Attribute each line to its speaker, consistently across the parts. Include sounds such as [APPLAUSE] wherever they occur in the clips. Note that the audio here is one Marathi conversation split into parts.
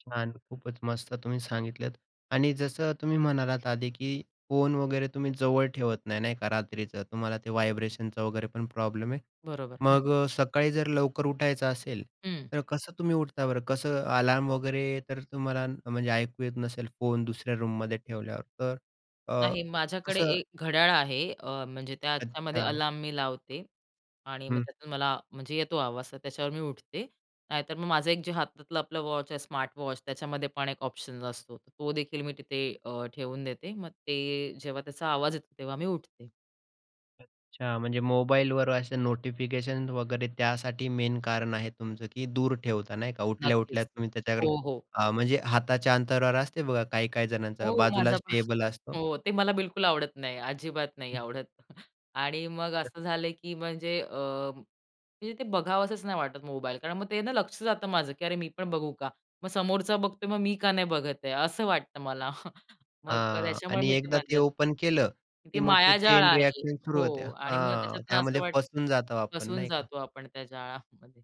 Speaker 1: छान. खूपच मस्त तुम्ही सांगितलंत आणि जसं तुम्ही म्हणालात आधी, की फोन वगैरे तुम्ही जवळ ठेवत नाही, नाही का रात्रीचं. तुम्हाला ते व्हायब्रेशनचं वगैरे पण प्रॉब्लेम आहे.
Speaker 2: बरोबर, हं.
Speaker 1: मग अ, सकाळी जर लवकर उठायचं असेल
Speaker 2: हं.
Speaker 1: तर कसं तुम्ही उठता बरं? कसं अलार्म वगैरे तर तुम्हाला म्हणजे ऐकू येत नसेल, फोन दुसऱ्या रूममध्ये ठेवल्यावर तर अ,
Speaker 2: नाही माझ्याकडे
Speaker 1: कसं
Speaker 2: एक घड्याळ आहे. अ, म्हणजे त्याच्यामध्ये
Speaker 1: अच्छा.
Speaker 2: अलार्म मी लावते आणि मग
Speaker 1: हं.
Speaker 2: त्यातून मला म्हणजे येतो आवाज तर त्याच्यावर मी उठते. नाहीतर मग माझं एक जे हातातलं आपलं वॉच आहे, स्मार्ट वॉच त्याच्यामध्ये पण एक ऑप्शन असतो, तो देखील मी तिथे अ, ठेवून देते. मग ते जेव्हा त्याचा आवाज येतो तेव्हा मी उठते.
Speaker 1: अच्छा, म्हणजे मोबाईलवर असे नोटिफिकेशन वगैरे त्यासाठी मेन कारण आहे तुमचं, की दूर ठेवता नाही का. उठल्या-उठल्या
Speaker 2: नक्कीच.
Speaker 1: तुम्ही त्याच्या
Speaker 2: हो, हो.
Speaker 1: हां, म्हणजे हाताच्या अंतरावर असते बघा, काही-काही जणांचा
Speaker 2: हो, माझा
Speaker 1: बाजूलाच
Speaker 2: पण
Speaker 1: टेबल असतो.
Speaker 2: हो, ते मला बिलकुल आवडत नाही, अजिबात नाही आवडत. [CHUCKLES] आणि मग असं झालंय की म्हणजे अ, म्हणजे ते बघावसंच नाही वाटत मोबाईल. कारण मग ते ना, लक्ष जातं माझं की, अरे मी पण बघू का? मग समोरचा बघतोय मग मी का नाही बघत आहे? असं वाटतं मला. [CHUCKLES] मग
Speaker 1: हां,
Speaker 2: त्याच्यामुळे
Speaker 1: आणि
Speaker 2: मी ते
Speaker 1: एकदा
Speaker 2: बंद
Speaker 1: ते ओपन केलं
Speaker 2: ते
Speaker 1: की मग ते
Speaker 2: मायाजाळ
Speaker 1: चैन
Speaker 2: आहे.
Speaker 1: रिएक्शन सुरू होते.
Speaker 2: हो आणि मग
Speaker 1: हां,
Speaker 2: त्याच्यातनं असं
Speaker 1: त्यामध्ये
Speaker 2: वाटतं
Speaker 1: फसून जातो आपण
Speaker 2: फसून
Speaker 1: नाही का.
Speaker 2: जातो आपण त्या जाळामध्ये.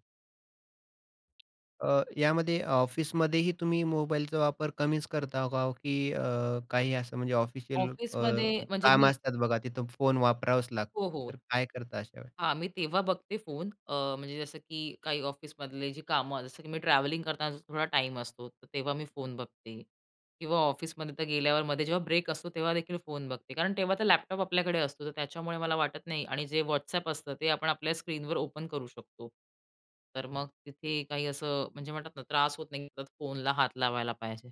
Speaker 1: अ, यामध्ये ऑफिसमध्येही तुम्ही मोबाईलचा वापर कमीच करता का ओ? की अ, काही असं म्हणजे ऑफिशियल अ,
Speaker 2: ऑफिसमध्ये म्हणजे
Speaker 1: कामं
Speaker 2: मी
Speaker 1: असतात बघा, तिथं फोन वापरावाच
Speaker 2: हो,
Speaker 1: लागतो. तर
Speaker 2: हो.
Speaker 1: काय करता अशा वेळेला?
Speaker 2: हां, मी तेव्हा बघते फोन. अ, म्हणजे जसं की काही ऑफिसमधले जे कामं जसं की मी ट्रॅव्हलिंग करताना थोडा टाईम असतो तर तेव्हा मी फोन बघते किंवा ऑफिसमध्ये तर गेल्यावर मध्ये जेव्हा ब्रेक असतो तेव्हा देखील फोन बघते. कारण तेव्हा तर लॅपटॉप आपल्याकडे असतो तर त्याच्यामुळे मला वाटत नाही आणि जे WhatsApp असतं ते आपण आपल्या स्क्रीनवर ओपन करू शकतो. तर मग तिथे काही असं म्हणजे म्हणतात ना, त्रास होत नाही, फोनला हात लावायला पाहिजे.